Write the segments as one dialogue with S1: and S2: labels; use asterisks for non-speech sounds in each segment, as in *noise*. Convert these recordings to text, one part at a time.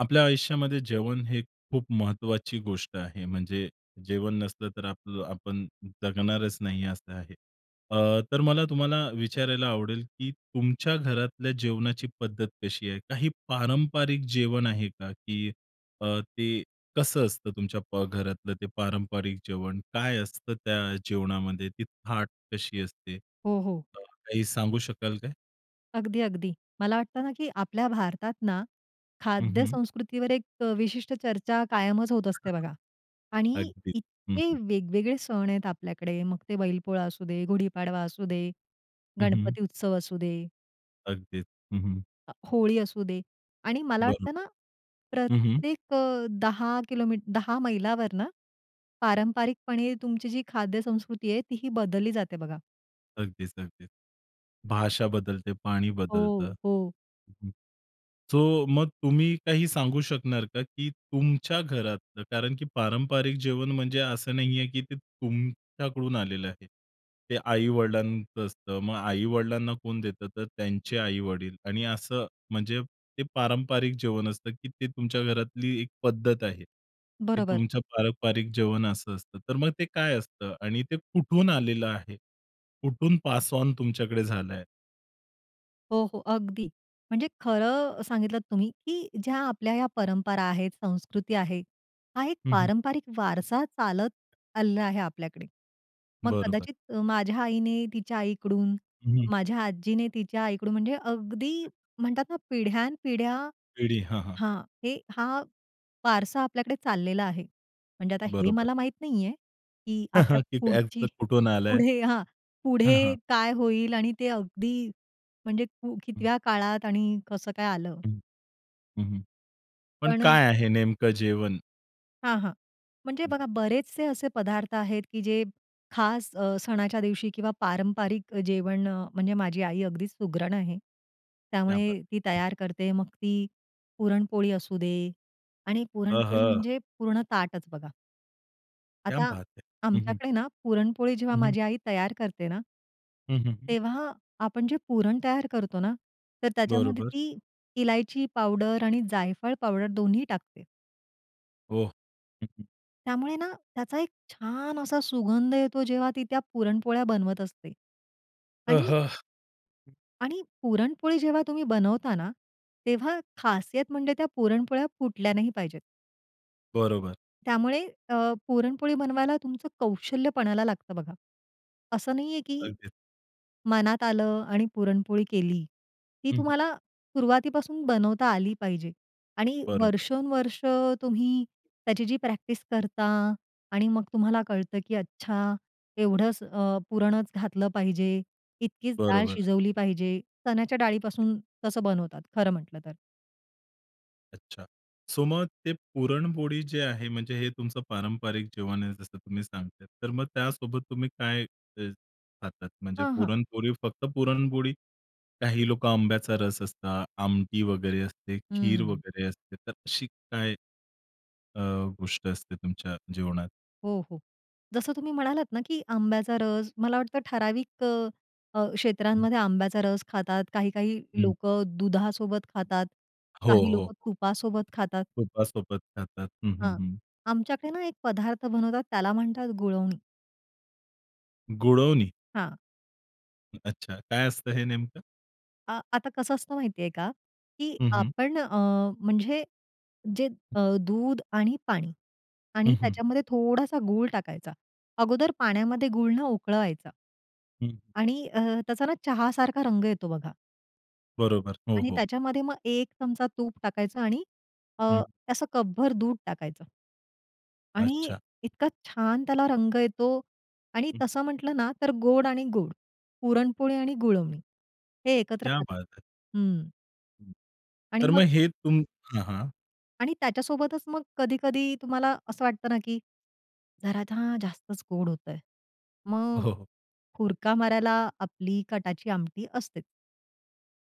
S1: आपल्या आयुष्यामध्ये जेवण हे खूप महत्त्वाची गोष्ट आहे. म्हणजे जेवण नसलं तर आपलं आपण जगणारच नाही असं आहे. अ, तर मला तुम्हाला विचारायला आवडेल, की तुमच्या घरातल्या जेवणाची पद्धत कशी आहे? काही पारंपरिक जेवण आहे का? की अ, ते कसं असतं तुमच्या प घरातलं ते पारंपरिक जेवण? काय असतं त्या जेवणामध्ये? ती थाट कशी असते? अ,
S2: हो, हो.
S1: काही सांगू शकाल काय?
S2: अगदी, अगदी. मला वाटत ना, की आपल्या भारतात ना
S1: हं, हं.
S2: खाद्यसंस्कृतीवर एक अ, विशिष्ट चर्चा कायमच होत
S1: *unintelligible*
S2: असते बघा आणि
S1: अगदी, हं,
S2: इतके
S1: हं.
S2: वेगवेगळे सण आहेत आपल्याकडे मग ते बैलपोळा असू दे, गुढीपाडवा असू दे,
S1: हं, हं.
S2: गणपती उत्सव असू दे.
S1: अगदीच, हं, हं.
S2: अ, होळी असू दे आणि मला वाटतं
S1: बरोबर.
S2: ना,
S1: हं, हं.
S2: प्रत्येक अ, 10 किलोमीट 10 मैलावर ना, पारंपरिकपणे तुमची जी खाद्यसंस्कृती आहे, तीही बदलली जाते बघा.
S1: अगदीच, अगदीच. भाषा बदलते, पाणी
S2: हो,
S1: बदलतं.
S2: हो.
S1: हं, हं, सो मग तुम्ही काही सांगू शकणार का, की तुमच्या घरातलं, कारण की पारंपरिक जेवण म्हणजे असं नाहीये, की ते तुमच्याकडून आलेलं आहे. ते आई-वडिलांचं असतं. मग आई-वडिलांना कोण देतं, तर त्यांचे आई-वडील आणि असं म्हणजे ते पारंपरिक जेवण असतं, की ते तुमच्या घरातली एक पद्धत आहे, की
S2: बरोबर.
S1: तुमचं पारंपरिक जेवण असं असतं. तर मग ते काय असतं? आणि ते कुठून आलेलं आहे? कुठून पासऑन तुमच्याकडे झालं आहे?
S2: हो, हो, अगदी. म्हणजे खरं सांगितलं तुम्ही, की ज्या आपल्या ह्या परंपरा आहेत, संस्कृती आहे, हा एक
S1: हं, हं.
S2: पारंपारिक वारसा चालत आलेला आहे आपल्याकडे. मग
S1: बरोबर.
S2: कदाचित माझ्या आईने तिच्या आईकडून,
S1: हं, हं.
S2: माझ्या आजीने तिच्या आईकडून, म्हणजे अगदी म्हणतात ना, पिढ्यानपिढ्या
S1: पिढी. हां, हां.
S2: हां, हे हा वारसा आपल्याकडे चाललेला आहे. म्हणजे आता हे
S1: बरोबर.
S2: मला माहित नाहीये, की आपल्या
S1: *chuckles*
S2: पुढची
S1: *unintelligible* कुठून आलंय.
S2: पुढे हां,
S1: हां,
S2: पुढे
S1: हां.
S2: काय होईल आणि ते अगदी, म्हणजे
S1: हं.
S2: कितव्या काळात आणि कसं काय आलं?
S1: हं. हं, हं, पण
S2: पण
S1: काय आहे नेमकं जेवण?
S2: हां, हां, म्हणजे
S1: हं.
S2: बघा, बरेचसे असे पदार्थ आहेत, की जे खास, अ, सणाच्या दिवशी किंवा पारंपरिक जेवण, म्हणजे माझी आई अगदीच सुगरण आहे.
S1: क्या बात
S2: त्यामुळे ती
S1: है! हं.
S2: तयार करते, मग ती पुरणपोळी असू दे आणि पुरणपोळी
S1: अहा!
S2: म्हणजे पूर्ण ताटच बघा.
S1: क्या
S2: आता
S1: बात है! हं, हं.
S2: आमच्याकडे ना, पुरणपोळी जेव्हा
S1: हं, हं.
S2: माझी आई तयार करते ना
S1: हं, हं, हं.
S2: तेव्हा आपण जे पुरण तयार करतो ना, तर त्याच्यामध्ये
S1: बरोबर.
S2: ती इलायची पावडर आणि जायफळ पावडर दोन्ही टाकते.
S1: ओह! हं, हं.
S2: त्यामुळे ना, त्याचा एक छान असा सुगंध येतो, जेव्हा ती त्या पुरणपोळ्या बनवत असते. आणि
S1: अहह! हं.
S2: आणि पुरणपोळी जेव्हा तुम्ही बनवता ना, तेव्हा खासियत म्हणजे त्या पुरणपोळ्या फुटल्या नाही पाहिजेत.
S1: बरोबर.
S2: त्यामुळे, अ, पुरणपोळी बनवायला तुमचं कौशल्य पणाला लागतं बघा. असं नाहीये, की
S1: अगदीच.
S2: मनात आलं आणि पुरणपोळी केली. ती
S1: हं, हं.
S2: तुम्हाला सुरुवातीपासून बनवता आली पाहिजे. आणि
S1: बरोबर.
S2: वर्षोनवर्ष तुम्ही त्याची जी प्रॅक्टिस करता आणि मग तुम्हाला कळतं, की अच्छा, एवढंच अ, पुरणच घातलं पाहिजे, इतकीच डाळ
S1: बरोबर आहे.
S2: शिजवली पाहिजे, चण्याच्या डाळीपासून कसं बनवतात, खरं म्हटलं तर.
S1: अच्छा, सो मग ते पुरणपोळी जे आहे, म्हणजे हे तुमचं पारंपरिक जेवण आहे, जसं तुम्ही सांगताय, तर मग त्यासोबत तुम्ही काय अ, खातात? म्हणजे
S2: हां, हां.
S1: पुरणपोळी फक्त पुरणपोळी? काही लोकं आंब्याचा रस असतो, आमटी वगैरे असते, खीर
S2: हं.
S1: वगैरे असते, तर अशी काय अ, गोष्ट असते तुमच्या जेवणात?
S2: हो, हो. जसं तुम्ही म्हणालात ना की आंब्याचा रस, मला वाटतं ठराविक अ, अ,
S1: हं.
S2: क्षेत्रांमध्ये आंब्याचा रस खातात, काही-काही
S1: हं.
S2: लोकं दुधासोबत खातात,
S1: हो, हो,
S2: काही लोकं
S1: हो.
S2: तुपासोबत खातात.
S1: तुपासोबत खातात. हं, हं,
S2: हां.
S1: हं.
S2: आमच्याकडे ना एक पदार्थ बनवतात त्याला म्हणतात गुळवणी.
S1: गुळवणी?
S2: हां.
S1: अच्छा, काय असतं हे नेमकं?
S2: अ आता कसं असतं माहितीये का? की
S1: हं, हं.
S2: आपण अ, म्हणजे जे
S1: हं.
S2: अ, दूध आणि पाणी. आणि
S1: हं, हं.
S2: त्याच्यामध्ये थोडासा गूळ टाकायचा. अगोदर पाण्यामध्ये गूळ ना उकळवायचा.
S1: हं.
S2: आणि अ, त्याचा ना चहासारखा रंग येतो बघा
S1: बरोबर. हो,
S2: आणि
S1: हो.
S2: त्याच्यामध्ये मग एक चमचा तूप टाकायचं आणि अ,
S1: हं.
S2: ते असं कपभर दूध टाकायचं. आणि
S1: अच्छा.
S2: इतका छान त्याला रंग येतो आणि
S1: हं.
S2: तसं म्हटलं ना तर गोड आणि गुळ पुरणपोळी आणि गुळवणी हे एकत्र
S1: क्या
S2: खातात
S1: बात है!
S2: हं.
S1: हं,
S2: आणि
S1: तर
S2: मग
S1: मग हे तुम हां, हां.
S2: आणि त्याच्यासोबतच मग कधी-कधी तुम्हाला असं वाटतं ना की, जरा ना जास्तच गोड होतय. मग
S1: हो, हो.
S2: हुरका मारायला आपली कटाची आमटी असते.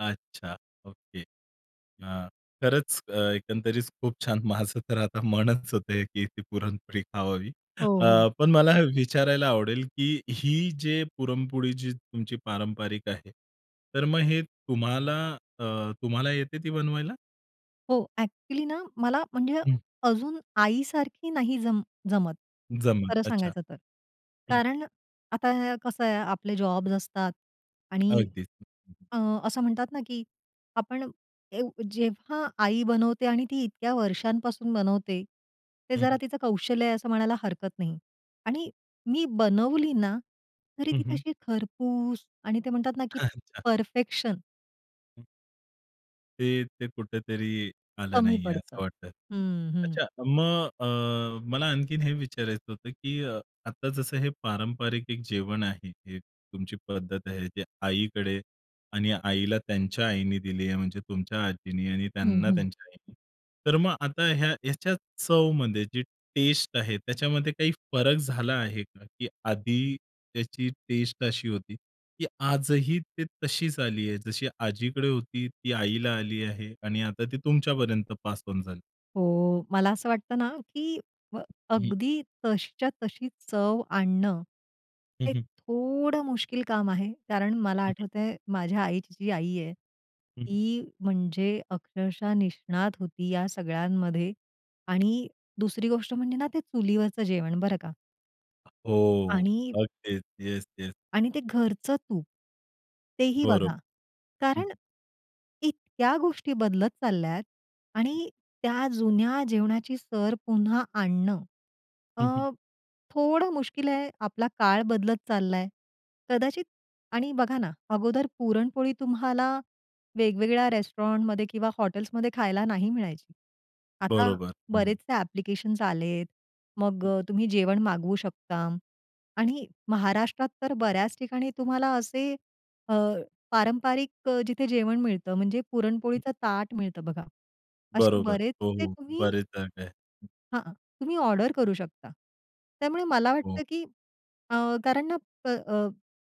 S1: अच्छा! ओके. अ, खरंच अ, एकंदरीत खूप छान! माझं तर आता मनच होत, की ती पुरणपोळी खावावी.
S2: हो, हो.
S1: अ, पण मला हे विचारायला आवडेल, की ही जे पुरणपोळी जी तुमची पारंपरिक आहे, तर मग हे तुम्हाला अ, तुम्हाला येते ती बनवायला?
S2: हो, ॲक्च्युअलीनां मला म्हणजे
S1: हं.
S2: अजून आईसारखी नाही जम जमत,
S1: जमलं.
S2: खरं
S1: अच्छा,
S2: सांगायचं तर.
S1: हं.
S2: कारण आता कसं आहे आपले जॉब्स असतात आणि
S1: अगदीच. *unintelligible*
S2: अ, असं म्हणतात ना, की आपण ए जेव्हा आई बनवते आणि ती इतक्या वर्षांपासून बनवते ते
S1: हं,
S2: जरा
S1: हं.
S2: तिचं कौशल्य आहे असं म्हणायला हरकत नाही आणि
S1: हं.
S2: मी बनवली ना, तरी
S1: हं,
S2: ती
S1: हं.
S2: तशी खरपूस आणि ते म्हणतात ना, की
S1: *chuckles* अच्छा!
S2: परफेक्शन.
S1: हं. ते ते कुठेतरी आलं
S2: कमी
S1: नाही आहे असं
S2: पडतं.
S1: वाटतं.
S2: हं, हं.
S1: अच्छा मग अ, मला आणखीन हे विचारायचं होतं, की अ, आता जसं हे पारंपरिक एक जेवण आहे, हे तुमची पद्धत आहे, ते आईकडे आणि आईला त्यांच्या आईने दिली आहे म्हणजे तुमच्या आजींनी आणि
S2: हं,
S1: त्यांना
S2: हं.
S1: त्यांच्या आईने. तर मग आता ह्या ह्याच्या चवमध्ये जी टेस्ट आहे त्याच्यामध्ये काही फरक झाला आहे का? की आधी त्याची टेस्ट अशी होती. की आजही ती तशीच आली आहे जशी आजीकडे होती ती आईला आली आहे आणि आता ती तुमच्यापर्यंत पास ओन झाली.
S2: हो. मला असं वाटतं ना, की अ,
S1: हं.
S2: अगदी तशीच्या तशी चव आणणं,
S1: हं,
S2: ते
S1: हं.
S2: थोडं मुश्किल काम आहे, कारण मला
S1: हं, हं.
S2: आठवतंय माझ्या आईची जी आई आहे,
S1: हं, हं.
S2: ती म्हणजे अक्षरशः निष्णात होती या सगळ्यांमध्ये आणि दुसरी गोष्ट म्हणजे ना, ते चुलीवरचं जेवण बरं का.
S1: हो,
S2: आणि
S1: अगदीच. Yes, yes.
S2: आणि ते घरचं तूप, तेही
S1: बरं.
S2: बघा
S1: हं.
S2: कारण इतक्या गोष्टी बदलत चालल्यात
S1: हं.
S2: आणि त्या जुन्या जेवणाची सर पुन्हा आणणं
S1: हं, हं.
S2: अ, थोडं मुश्किल आहे, आपला काळ बदलत चाललाय. कदाचित आणि बघा ना, अगोदर पुरणपोळी तुम्हाला वेगवेगळ्या रेस्टॉरंटमध्ये किंवा हॉटेल्समध्ये खायला नाही मिळायची. आता
S1: बरोबर. हं, हं.
S2: बरेचसे ॲप्लिकेशन्स आलेत, मग
S1: हं.
S2: अ, तुम्ही जेवण मागवू शकता आणि महाराष्ट्रात तर बऱ्याच ठिकाणी तुम्हाला असे अ, पारंपारिक अ, जिथे जेवण मिळतं म्हणजे
S1: हं.
S2: पुरणपोळीचा ताट मिळतं बघा. असे
S1: बरोबर, हो,
S2: बरेचसे
S1: हो.
S2: तुम्ही
S1: बरेच जागा आहे. हं.
S2: हां, तुम्ही ऑर्डर करू शकता. त्यामुळे मला
S1: हो.
S2: वाटतं, की अ, कारण ना, अ,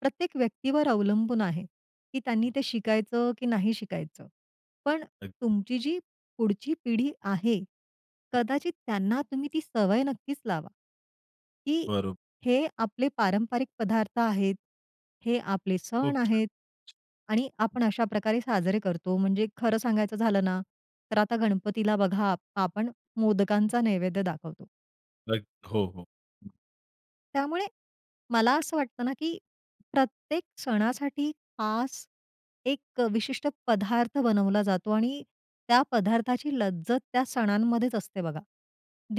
S2: प्रत्येक व्यक्तीवर अवलंबून आहे, की त्यांनी ते शिकायचं की नाही शिकायचं. पण
S1: अगदी.
S2: तुमची जी पुढची पिढी आहे,
S1: हं.
S2: कदाचित त्यांना तुम्ही ती सवय नक्कीच लावा की
S1: बरोब
S2: हे आपले पारंपरिक पदार्थ आहेत, हे आपले
S1: खुप
S2: सण
S1: छान.
S2: आहेत. आणि
S1: हं.
S2: आपण अशा प्रकारे साजरे करतो. म्हणजे खरं सांगायचं झालं ना, तर आता गणपतीला बघा, आ आपण मोदकांचा नैवेद्य दाखवतो.
S1: *unintelligible* हो, हो.
S2: त्यामुळे, मला असं वाटतं ना, की प्रत्येक सणासाठी खास, एक अ, विशिष्ट पदार्थ बनवला जातो आणि त्या पदार्थाची लज्जत त्या सणांमध्येच असते बघा.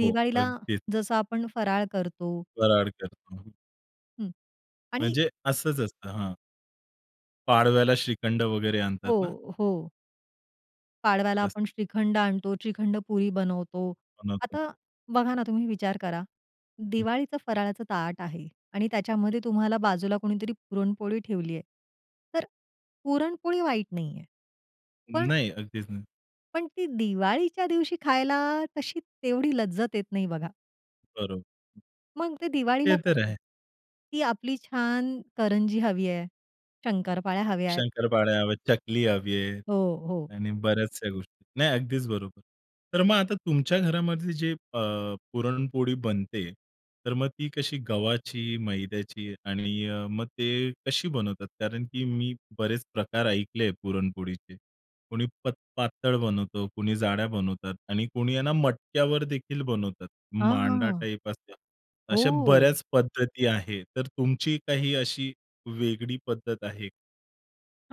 S1: हो, अगदीच.
S2: जसं आपण फराळ करतो
S1: फराळ करतो.
S2: हं आणि
S1: म्हणजे असंच असतं. हं. पाडव्याला श्रीखंड वगैरे आणतात ना?
S2: हो, हो. पाडव्याला
S1: *unintelligible*
S2: आपण श्रीखंड आणतो, श्रीखंड पुरी बनवतो,
S1: बनवतो.
S2: आता बघा ना, तुम्ही विचार करा,
S1: हं.
S2: दिवाळीचा फराळाचं ताट आहे आणि
S1: *unintelligible*
S2: त्याच्यामध्ये तुम्हाला बाजूला कुणीतरी पुरणपोळी ठेवली आहे. तर पुरणपोळी वाईट नाहीये. पण
S1: नाही, अगदीच नाही.
S2: पण ती दिवाळीच्या दिवशी खायला, तशी तेवढी लज्जत येत नाही बघा.
S1: बरोब
S2: मग ते
S1: ते
S2: दिवाळीला
S1: तर
S2: कसं?
S1: आहे.
S2: ती आपली छान करंजी हवी आहे, शंकरपाळ्या हव्या आहेत.
S1: शंकरपाळ्या, चकली हवी आहे
S2: हो, हो.
S1: आणि बऱ्याचशा गोष्टी नाही, अगदीच बरोबर. तर मग आता तुमच्या घरामध्ये जे अ, पुरणपोळी बनते, तर मग ती कशी गव्हाची, मैद्याची आणि अ, मग ते कशी बनवतात, कारण की मी बरेच प्रकार ऐकले आहे पुरणपोळीचे, कोणी पत पातळ बनवतं, कुणी जाड्या बनवतात आणि कुणी यांना मटक्यावर देखील बनवतात.
S2: हां,
S1: मांडा
S2: हां.
S1: टाइप असते. अशा
S2: हो.
S1: बऱ्याच पद्धती आहे. तर तुमची काही अशी वेगळी पद्धत आहे?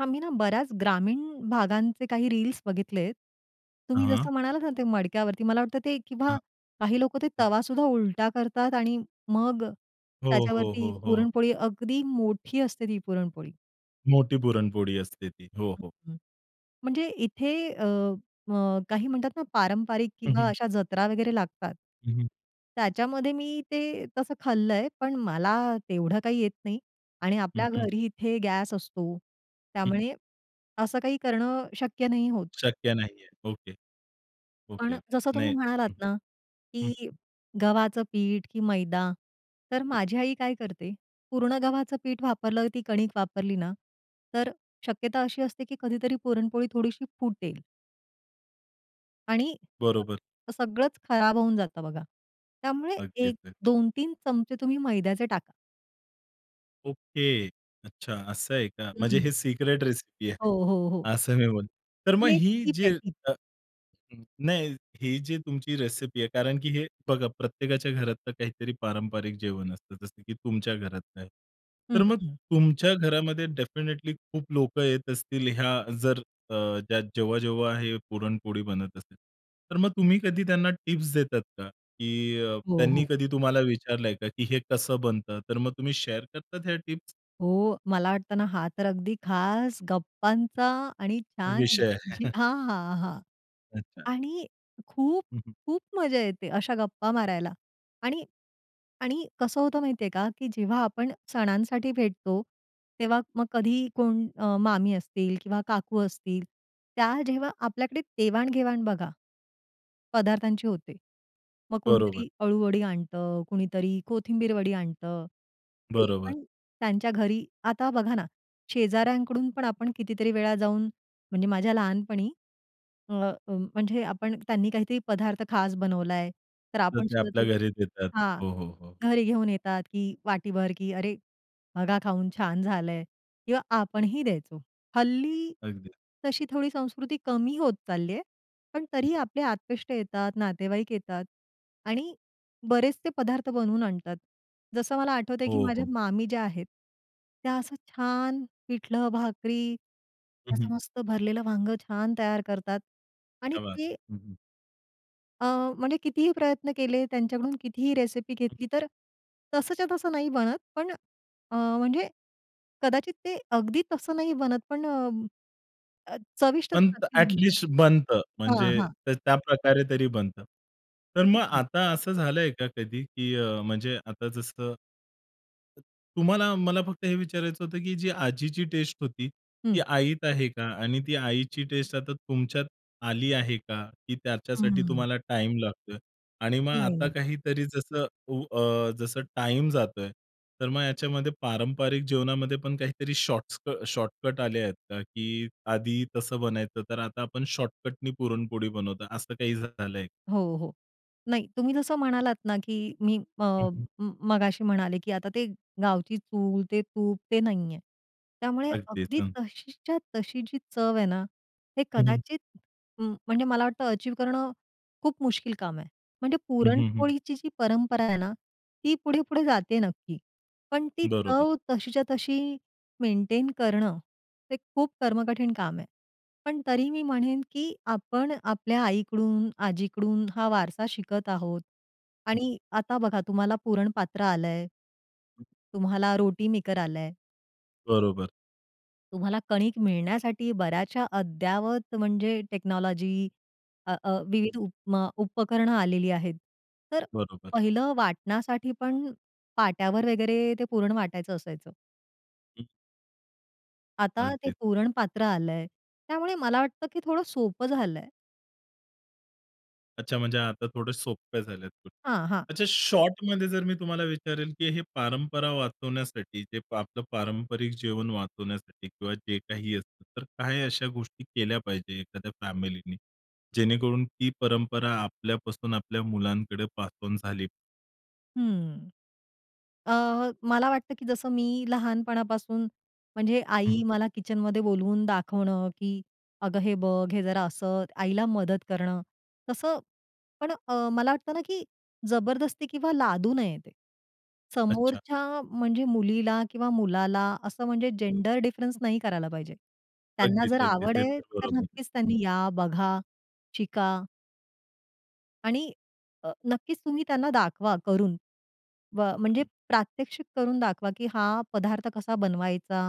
S2: आम्ही ना, बऱ्याच ग्रामीण भागांचे काही रील्स बघितलेत.
S1: हं,
S2: तुम्ही
S1: हं.
S2: जसं म्हणालात ना ते मडक्यावरती मला वाटतं ते किंवा
S1: हां,
S2: काही लोकं ते तवा सुद्धा उलटा करतात आणि मग
S1: हो, हो,
S2: त्याच्यावरती
S1: हो, हो.
S2: पुरणपोळी अगदी मोठी असते ती पुरणपोळी.
S1: मोठी पुरणपोळी असते ती. हो, हो.
S2: म्हणजे इथे अ, अ, काही म्हणतात ना, पारंपरिक
S1: हं,
S2: किंवा
S1: हं.
S2: अशा जत्रा वगैरे लागतात.
S1: हं, हं
S2: त्याच्यामध्ये मी ते तसं खाल्लंय. पण मला तेवढं काही येत नाही आणि
S1: हं,
S2: आपल्या
S1: हं.
S2: घरी इथे गॅस असतो.
S1: हं.
S2: त्यामुळे असं काही करणं शक्य नाही होत.
S1: शक्य नाहीये. ओके,
S2: पण
S1: ओके,
S2: जसं तुम्ही
S1: नाही.
S2: म्हणालात
S1: हं,
S2: ना, की
S1: हं.
S2: गव्हाचं पीठ की मैदा, तर माझी आई काय करते, पूर्ण गव्हाचं पीठ वापरलं ती कणिक वापरली ना तर शक्यता अशी असते की कधीतरी पुरणपोळी थोडीशी फुटेल. आणि
S1: बरोबर.
S2: तर सगळंच खराब होऊन जातं बघा. त्यामुळे
S1: अगदीच.
S2: एक
S1: *unintelligible*
S2: दोन तीन चमचे तुम्ही मैद्याचे टाका.
S1: ओके. अच्छा असं आहे का? म्हणजे हे
S2: हं.
S1: सिक्रेट रेसिपी आहे.
S2: हो, हो, हो.
S1: असं मी म्हण तर मग
S2: ही एक
S1: ही
S2: टीप
S1: जी
S2: आहे टीप.
S1: अ, नाही ही जी तुमची रेसिपी आहे कारण की हे बघा प्रत्येकाच्या घरातलं काहीतरी पारंपरिक जेवण असतं, जसं की तुमच्या घरात आहे.
S2: हं,
S1: तर मग
S2: हं.
S1: तुमच्या घरामध्ये डेफिनिटली खूप लोकं येत असतील, ह्या जर अ, जेव्हा-जेव्हा हे पुरणपोळी बनत असते. तर मग तुम्ही कधी त्यांना टिप्स देतात का? की
S2: हो,
S1: त्यांनी
S2: हो.
S1: कधी तुम्हाला विचारलंय का की हे कसं बनतं, तर मग तुम्ही शेअर करतात हे टिप्स?
S2: हो. मला वाटतं ना हा, तर अगदी खास गप्पांचा आणि छान
S1: विषय आहे.
S2: जी
S1: *chuckles*
S2: हां, हां, हां.
S1: अच्छा.
S2: आणि खूप,
S1: हं, हं.
S2: खूप मजा येते अशा गप्पा मारायला. आणि आणि कसं होतं माहितीये का की जेव्हा आपण सणांसाठी भेटतो, तेव्हा मग कधीही कोण अ, मामी असतील किंवा काकू असतील त्या जेव्हा आपल्याकडे देवाण-घेवाण बघा पदार्थांची होते. मग
S1: बरोबर.
S2: कोणीतरी अळूवडी आणतं, कुणीतरी कोथिंबीर वडी आणतं ते
S1: बरोबर.
S2: पण त्यांच्या घरी आता बघा ना शेजाऱ्यांकडून पण आपण कितीतरी वेळा जाऊन म्हणजे माझ्या लहानपणी अ, म्हणजे आपण त्यांनी काहीतरी पदार्थ खास बनवला आहे, तर
S1: तर
S2: आपण
S1: ते
S2: सुद्धा
S1: आपल्या
S2: तो
S1: घरी देतात.
S2: हां.
S1: हो, हो, हो.
S2: घरी घेऊन येतात की वाटीभर की "अरे! बघा खाऊन छान झालंय. किंवा आपणही द्यायचो. हल्ली
S1: अगदी.
S2: तशी थोडी संस्कृती कमी होत चालली आहे पण तरीही आपले आप्तेष्ट येतात, नातेवाईक येतात आणि बरेच ते पदार्थ बनवून आणतात. जसं मला आठवतंय, की
S1: हो,
S2: माझ्या
S1: हो.
S2: मामी ज्या आहेत, त्या असं छान पिठलं भाकरी
S1: हं, हं.
S2: असं मस्त भरलेलं वांग छान तयार करतात. आणि
S1: क्या बात!
S2: ते
S1: हं, हं.
S2: अ, म्हणजे कितीही प्रयत्न केले, त्यांच्याकडून कितीही रेसिपी घेतली, तर तसंच्या तसं नाही बनत, पण अ, म्हणजे कदाचित ते अगदी तसं नाही बनत, पण अ, चविष्ट
S1: पण
S2: नक्कीच
S1: ॲट
S2: बनत.
S1: लिस्ट बनतं,
S2: हां,
S1: म्हणजे
S2: हां.
S1: ते त्याप्रकारे तरी बनतं. तर मग
S2: अगदी.
S1: आता असं झालंय का, कधी की अ, म्हणजे आता जसं तुम्हाला मला फक्त हे विचारायचं होतं, की जी आजीची टेस्ट होती, ती
S2: हं.
S1: आईत आहे का? आणि ती आईची टेस्ट आता तुमच्यात आली आहे का? की त्याच्यासाठी
S2: हम्म.
S1: तुम्हाला टाईम लागतोय? आणि मग
S2: नाही,
S1: आता
S2: नाही.
S1: काहीतरी, जसं उ अ, जसं टाईम जातोय, तर मग याच्यामध्ये पारंपरिक जेवणामध्ये पण काहीतरी शॉर्ट्स शॉर्टकट आले आहेत का? की आधी तसं बनायचं, तर आता आपण शॉर्टकटनी पुरणपोळी बनवतो, असं काही झालंय?
S2: हो, हो. नाही, तुम्ही जसं म्हणालात ना, की मी अ,
S1: हं, हं.
S2: म मगाशी म्हणाले, की आता ते गावची चूल, ते तूप, ते नाहीये. त्यामुळे
S1: अगदीच,
S2: अगदी
S1: हं.
S2: तशीच्या तशी जी चव आहे ना, हे
S1: हं, हं.
S2: कदाचित, म म्हणजे मला वाटतं, अचीव्ह करणं खूप मुश्किल काम आहे. म्हणजे
S1: हं, हं, हं.
S2: पुरणपोळीची जी परंपरा आहे ना, ती पुढे-पुढे जाते आहे नक्की. पण ती
S1: बरोबर.
S2: चव तशीच्या तशी मेंटेन करणं, हे खूप कर्मकठीण काम आहे. पण तरी मी म्हणेन, की आपण आपल्या आईकडून, आजीकडून हा वारसा शिकत आहोत.
S1: हं.
S2: आणि आता बघा, तुम्हाला पुरण पात्र आलंय तुम्हाला रोटी मेकर आलंय.
S1: बरोबर.
S2: तुम्हाला कणिक मिळण्यासाठी बऱ्याचशा अद्यावत म्हणजे टेक्नॉलॉजी अ, अ,
S1: हं.
S2: विविध उपमा उपकरण आलेली आहेत. तर
S1: बरोबर.
S2: पहिलं वाटण्यासाठी पण पाट्यावर वगैरे ते पूर्ण वाटायचं असायचं.
S1: हं.
S2: आता ते
S1: अगदीच.
S2: पुरण पात्र आलंय. त्यामुळे मला वाटतं की थोडं सोपं झालंय.
S1: अच्छा! म्हणजे आता थोडे सोप्या झाल्यात.
S2: हां, हां.
S1: अच्छा, शॉर्टमध्ये जर मी तुम्हाला विचारेल, की हे परंपरा वाचवण्यासाठी, जे आपलं पारंपारिक जीवन वाचवण्यासाठी किंवा जे काही असतं. तर काही अशा गोष्टी केल्या पाहिजे एखाद्या फॅमिलीनी जेणेकरून ती परंपरा आपल्यापासून आपल्या मुलांकडे पास ऑन झाली.
S2: हं, अ, मला वाटतं, की जसं मी लहानपणापासून म्हणजे
S1: हं,
S2: आई
S1: हं.
S2: मला किचनमध्ये बोलवून दाखवणं, की "अगं! हे बघ हे जरा." असं आईला मदत करणं तसं पण अ, मला वाटतं ना, की जबरदस्ती किंवा लादू नये ते
S1: अच्छा!
S2: समोरच्या म्हणजे मुलीला किंवा मुलाला असं म्हणजे जेंडर डिफरन्स नाही करायला पाहिजे. त्यांना
S1: अगदीच,
S2: जर
S1: अगदीच. ते
S2: आवडेल
S1: तर
S2: तर
S1: बरोबर
S2: नक्कीच
S1: *unintelligible*
S2: त्यांनी या बघा, शिका. आणि अ, नक्कीच तुम्ही त्यांना दाखवा करून. म म्हणजे प्रात्यक्षिक करून दाखवा की हा पदार्थ कसा बनवायचा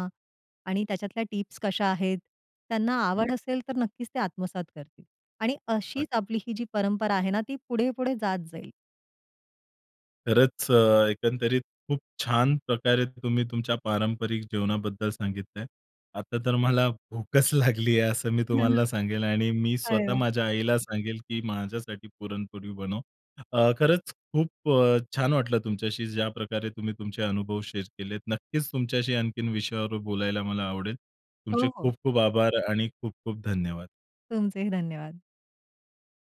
S2: आणि त्याच्यातल्या टिप्स कशा आहेत? त्यांना
S1: *unintelligible*
S2: आवड असेल तर नक्कीच ते आत्मसात करतील आणि
S1: *unintelligible*
S2: अशीच आपली ही जी परंपरा आहे ना ती पुढे-पुढे जात जाईल.
S1: खरंच एकंदरीत खूप छान प्रकारे तुम्ही तुमच्या पारंपरिक जीवनाबद्दल सांगितलंय. आता तर मला भूकच लागली आहे. असं मी तुम्हाला
S2: *chuckles*
S1: सांगेल आणि मी
S2: अरे
S1: स्वतः
S2: वाह!
S1: माझ्या आईला सांगेल, की माझ्यासाठी पुरणपोळी बनव. अ, खरंच खूप अ, छान वाटलं तुमच्याशी ज्या प्रकारे तुम्ही तुमचे अनुभव शेअर केलेत नक्कीच तुमच्याशी आणखीन विषयावर बोलायला मला आवडेल. तुमचे
S2: हो, हो.
S1: खूप-खूप आभार आणि खूप-खूप धन्यवाद!
S2: तुमचेही धन्यवाद.